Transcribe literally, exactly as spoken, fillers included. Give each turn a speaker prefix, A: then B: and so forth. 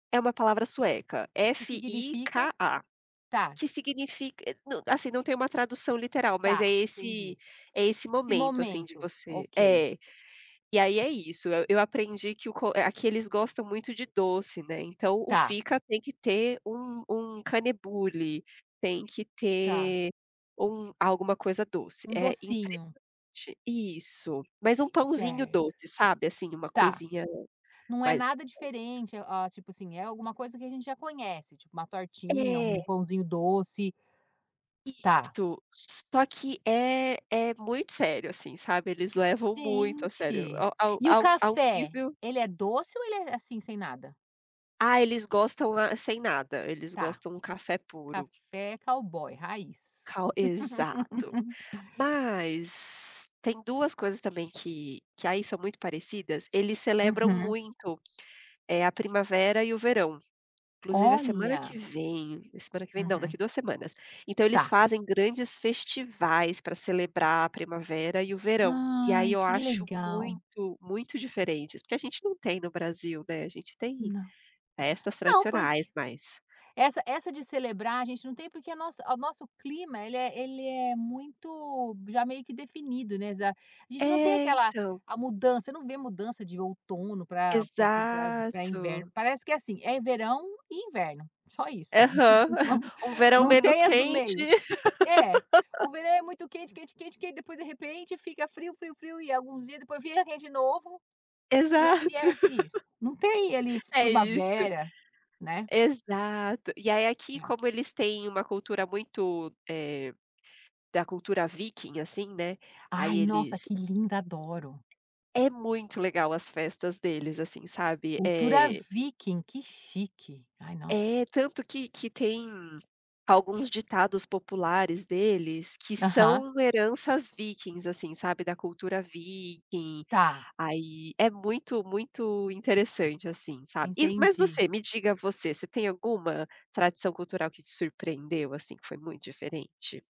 A: É uma palavra sueca,
B: Que significa?
A: F-I-K-A,
B: Tá.
A: que significa, eh não assim, não tem uma tradução literal mas é
B: Tá,
A: esse
B: entendi.
A: é esse
B: Esse
A: momento, assim, de
B: momento.
A: você
B: Ok.
A: é. E aí é isso, e eu aprendi que o co aqui eles gostam muito de doce, né, então o
B: Tá.
A: fika tem que ter um um kanelbulle tem que
B: Tá.
A: ter um alguma coisa doce,
B: Um
A: é
B: docinho.
A: interessante isso. Mas um pãozinho
B: Certo.
A: doce, sabe, assim, uma
B: Tá.
A: coisinha
B: Não é
A: mais.
B: nada
A: [unintelligible]
B: diferente, hã, tipo assim, alguma coisa que a gente já conhece, tipo uma tortinha, um
A: É.
B: pãozinho doce. Tá.
A: Isso, só que é é muito sério, assim, sabe, eles levam muito a sério,
B: Gente.
A: a um
B: E o
A: a um a um
B: café?
A: nível
B: Ele é doce ou ele é, assim, sem nada?
A: Ah, eles gostam, ah, sem nada. Eles
B: Tá.
A: gostam um café puro.
B: Café cowboy raiz.
A: [unintelligible] exato. Mas, tem duas coisas também que que aí são muito parecidas, eles celebram
B: Uhum.
A: muito, eh, a primavera e o verão. Inclusive, a semana que
B: Olha.
A: vem a semana que vem não,
B: Uhum.
A: daqui a duas semanas. Então eles
B: Tá.
A: fazem grandes festivais para celebrar a primavera e o verão. E aí,
B: Ai,
A: eu
B: que
A: acho
B: legal.
A: muito muito diferentes, porque a gente não tem no Brasil, né. A gente tem
B: Não.
A: festas
B: Não, porque
A: tradicionais, mas
B: essa essa de celebrar a gente não tem, porque a nossa o nosso clima ele é ele é muito já meio que definido, né, exa gente não tem
A: É,
B: aquela
A: então.
B: a mudança. Eu não vi a mudança de outono para para para para
A: Exato.
B: inverno, parece que é assim, é verão e inverno, só isso.
A: Aham, um verão
B: Não
A: menos
B: tem as do
A: quente.
B: meio. É, o verão é muito quente quente quente, que aí depois de repente fica frio frio frio e alguns dias depois vira quente de novo, e é e
A: Exato.
B: é isso. Não tem ali
A: É isso,
B: primavera, né.
A: exato. E aí, aqui
B: É.
A: como eles têm uma cultura muito, eh, da cultura viking, assim, né, aí
B: Ai,
A: eles
B: nossa, que linda. Adoro.
A: É muito legal as festas deles, assim, sabe?
B: Cultura
A: É
B: viking, que chique, ai nossa.
A: é, tanto que que tem alguns ditados populares deles que
B: Aham.
A: são heranças vikings, assim, sabe, da cultura viking,
B: Tá.
A: aí é muito muito interessante, assim, sabe? E mas
B: Entendi.
A: você, me diga você, você tem alguma tradição cultural que te surpreendeu, assim, que foi muito diferente?